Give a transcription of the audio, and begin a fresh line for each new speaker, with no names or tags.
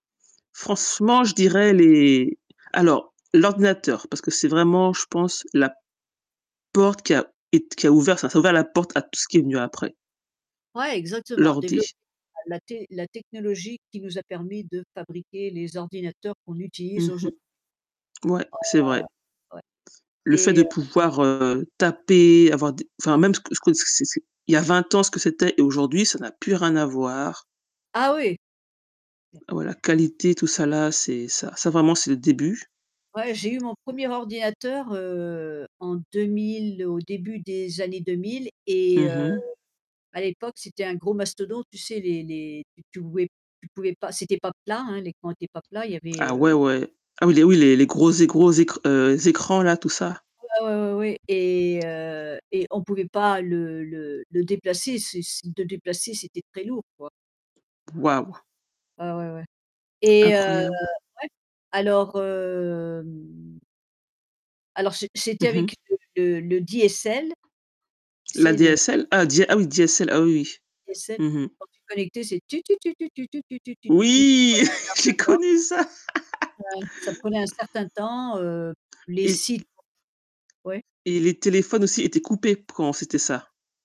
Franchement, je dirais les alors l'ordinateur, parce que c'est vraiment, je pense, la porte qui a ét qui a ouvert ça ça a ouvert la porte à tout ce qui venu après.
Ouais, exactement, développer
L'ordi.
la la té la technologie qui nous a permis de fabriquer les ordinateurs qu'on
Mmh
utilise
mh.
aujour
Mouais,
Ah.
c'est vrai.
Ouais.
Le fait
Et
de
heu
pouvoir heu, taper, avoir d enfin, même ce que ce que, c c c'est il y a 20 ans ce que c'était et aujourd'hui ça n'a plus rien à voir.
Ah oui! Mmh.
Ah, ouais la qualité tout ça là, c'est ça ça vraiment c'est le début.
Ouais, j'ai eu mon 1er ordinateur heu, en 2000 au début des années 2000 et
Mmh
heu,
mh.
à l'époque c'était un gros mastodonte, tu sais les les, tu tu pouvais tu pouvais pas c'était pas plat, hein, les coins étaient pas plats, il y avait
Ah, ouais,
heu
ouais. Ah oui, les oui, les les gros é gros écr heu, écrans là tout ça?
Ouais, ouais, ouais, oui, et heu et on pouvait pas le le le déplacer, c'est si le déplacer c'était très lourd quoi.
Waouh!
Ouais, ouais, ouais. Et heu, ouais,
Incroyable.
alors hem Alors c'é c'était
Mmh mh.
avec le le le DSL. C'est le
L'ADSL? Ah Di ah oui DSL, ah oui oui.
Et c'est
Mmh mh.
quand tu te connectais c'est: «tu tu tu tu tu tu tu tu tu tu tut» il
Oui,
fallait
j'ai
un certain temps.
connu ça.
Ouais, ça prenait un certain temps heu, les
Et
sites Ouais?
et les téléphones aussi étaient coupés, p quand c'était ça.